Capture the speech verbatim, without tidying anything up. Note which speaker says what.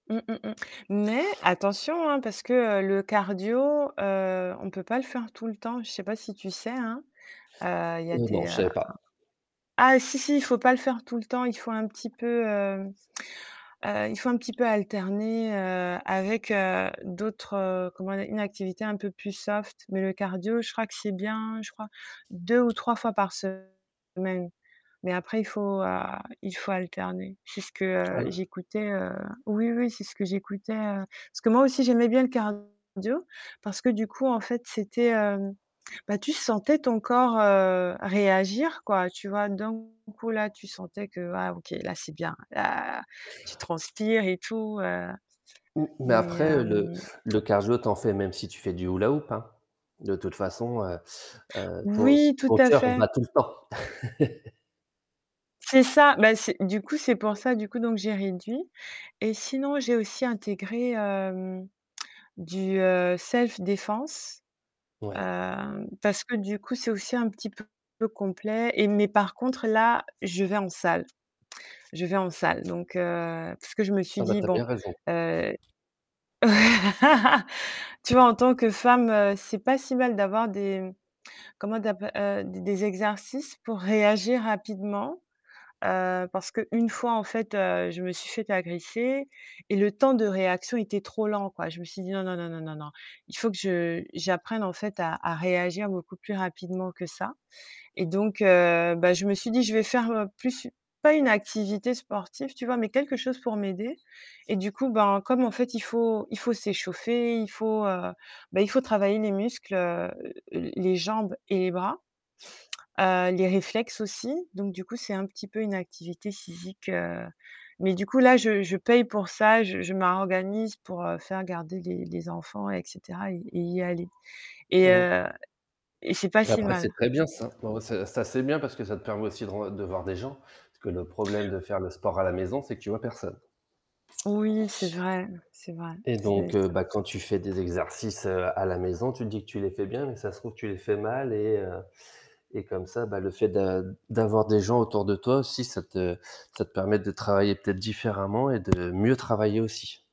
Speaker 1: Mmh, mmh, mmh, mais attention, hein, parce que le cardio, heu, on peut pas le faire tout le temps. Je sais pas si tu sais? Hein. Heu, il y a
Speaker 2: Heu, non,
Speaker 1: des,
Speaker 2: je
Speaker 1: heu
Speaker 2: savais pas.
Speaker 1: ah si si, il faut pas le faire tout le temps, il faut un petit peu, heu, heu, il faut un petit peu alterner, heu, avec, heu, d'autres, heu, comment dire? Une activité un peu plus soft mais le cardio, je crois que c'est bien je crois, deux ou trois fois par semaine mais après il faut, a il faut alterner. C'est ce que, heu,
Speaker 2: All
Speaker 1: j'écoutais heu, oui, oui, c'est ce que j'écoutais, heu parce que moi aussi j'aimais bien le cardio parce que du coup en fait c'était heu, bah, tu sentais ton corps, heu, réagir quoi tu vois? D'un coup là, tu sentais que, ah OK, là, c'est bien. La, tu transpires et tout, heu,
Speaker 2: Mmh mais
Speaker 1: mais
Speaker 2: après le
Speaker 1: hem
Speaker 2: le cardio tu en fais même si tu fais du hula-hoop, hein. De toute façon, heu heu, ton s
Speaker 1: Oui, tout
Speaker 2: ton
Speaker 1: à
Speaker 2: coeur
Speaker 1: fait.
Speaker 2: bat tout le temps.
Speaker 1: C'est ça, bah c'est du coup, c'est pour ça du coup donc j'ai réduit et sinon j'ai aussi intégré, hem, du, heu, self défense,
Speaker 2: Ouais.
Speaker 1: heu, parce que du coup, c'est aussi un petit peu complet et mais par contre là, je vais en salle. Je vais en salle, donc heu, parce que je me suis
Speaker 2: Ah, bah,
Speaker 1: dit:
Speaker 2: tu as
Speaker 1: «Bon,
Speaker 2: bien raison.
Speaker 1: heu» tu vois, en tant que femme, c'est pas si mal d'avoir des comment d'app heu, d des exercices pour réagir rapidement, heu, parce que une fois en fait, heu, je me suis faite agresser et le temps de réaction était trop lent, quoi. Je me suis dit: «Non, non, non, non, non, non. Il faut que je j'apprenne en fait à à réagir beaucoup plus rapidement que ça». Et donc heu, bah je me suis dit: «Je vais faire plus u pas une activité sportive». Tu vois? Mais quelque chose pour m'aider et du coup, ben, comme en fait, il faut il faut s'échauffer, il faut heu, bah, il faut travailler les muscles, heu, l les jambes et les bras, heu, les réflexes aussi donc du coup, c'est un petit peu une activité physique. Heu, mais du coup là, je je paye pour ça, je je m'organise pour, heu, faire garder les les enfants et cetera et et y aller et
Speaker 2: Mmh.
Speaker 1: heu et c'est pas si
Speaker 2: Après, c'est
Speaker 1: mal.
Speaker 2: très bien ça.
Speaker 1: [unintelligible]
Speaker 2: Ben, ouais, ça ça c'est bien parce que ça te permet aussi de ren de voir des gens, parce que le problème de faire le sport à la maison, c'est que tu vois personne
Speaker 1: Oui, c'est vrai. C'est vrai,
Speaker 2: et
Speaker 1: c'est
Speaker 2: donc heu,
Speaker 1: c'est un
Speaker 2: bah, quand tu
Speaker 1: soucis.
Speaker 2: fais des exercices à la maison, tu te dis que tu les fais bien, mais ça se trouve que tu les fais mal et heu et comme ça, bah, le fait d'a d'avoir des gens autour de toi aussi, ça te ça te permet de travailler peut-être différemment et de mieux travailler aussi.